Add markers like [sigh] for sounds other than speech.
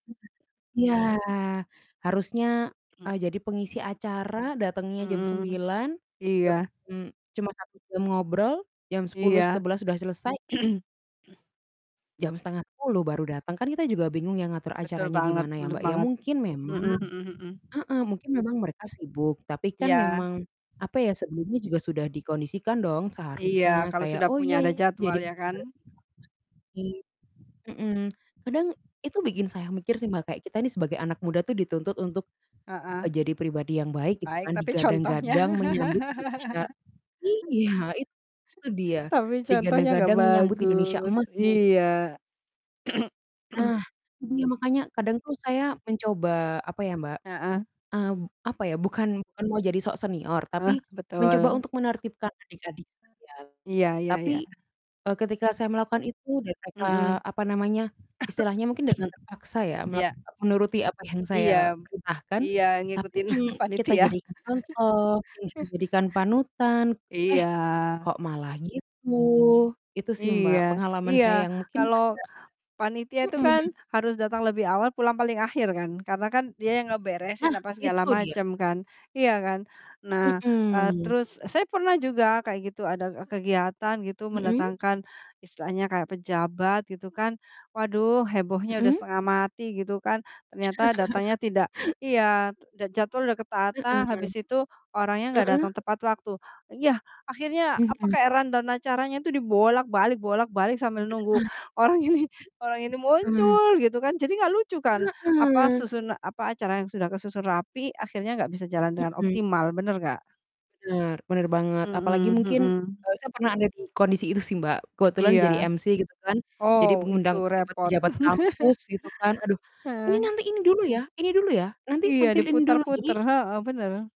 Mmm. Ya, harusnya, Mmm. eee, jadi pengisi acara datengnya jam Mmm. 9:00, jam Iya. mmm, cuma 1 jam ngobrol, jam 10:00, Iya. 11:00 udah selesai [clears throat] jam 9:30 baru dateng, kan kita juga bingung ya ngatur Betul acaranya banget, gimana ya, bener Mbak, ya, banget. mungkin memang Mhm mhm mhm. heeh, mungkin memang mereka sibuk, tapi kan Iya. memang apa ya, sebelumnya juga sudah dikondisikan dong Iya, seharusnya, kalau kayak, sudah "Oh, punya ya, ada jadwal, jadi" ya kan. [unintelligible] mhm, kadang itu bikin saya mikir sih, Mbak, kayak kita nih sebagai anak muda tuh dituntut untuk, Heeh. eee, jadi pribadi yang baik gitu Baik, kan, tapi contohnya. digadang-gadang menyambut Indonesia [laughs] iya, itu dia, Tapi contohnya nggak digadang-gadang menyambut Indonesia bagus, Emas mu [unintelligible] iya. [clears throat] Nah, iya makanya, kadang tuh saya mencoba apa ya, Mbak, Heeh. eee, p apa ya, bukan bukan mau jadi sok senior, tapi Ah, mencoba betul. untuk menertibkan adik-adik saya, Iya iya tapi, iya. eee, ketika saya melakukan itu dan saya Mhm. apa namanya, istilahnya mungkin dengan terpaksa [coughs] ya, [clears throat] melak Iya. menuruti apa yang saya Iya p perintahkan, iya, tapi ngikutin yang [chuckles] kita panitia. jadikan contoh, yang kita [chuckles] jadikan panutan, Iya. eh, kok malah gitu. Itu sih, Iya, Mbak, pengalaman iya, saya yang mungkin agak kalau panitia itu kan mhm. harus datang lebih awal, pulang paling akhir kan. Karena kan dia yang ngeberesin Nah, apa segala itu dia. macem kan. Iya kan? Nah, eee, Mhm. terus, e saya pernah juga kayak gitu, ada kegiatan gitu Mhm. mendatangkan istilahnya kayak pejabat gitu kan, waduh, hebohnya udah Mhm. setengah mati gitu kan, ternyata datangnya [laughs] tidak iya, j jadwal udah ketata, Heeh. habis itu orangnya nggak Heeh. datang tepat waktu, iya, akhirnya apa, Mhm. kayak rundown dan acaranya itu dibolak-balik bolak-balik sambil nunggu Heeh. orang ini orang ini Heeh. muncul gitu kan. Jadi nggak lucu kan, apa, Heeh. susuna apa, acara yang sudah kesusun rapi, akhirnya nggak bisa jalan dengan Mhm. optimal, bener nggak? Bener bener banget, apalagi Mhm mungkin, mhm. eee, saya pernah ada di kondisi itu sih, Mbak, kebetulan Iya. jadi MC gitu kan, jadi Oh, itu mengundang repot. pejabat-pejabat kampus, [laughs] gitu kan, aduh, "Ini Heeh. nanti, ini dulu ya [clears throat] ini dulu ya, nanti Iya, tampil ini dulu." Jadi diputar-putar. Heeh, bener.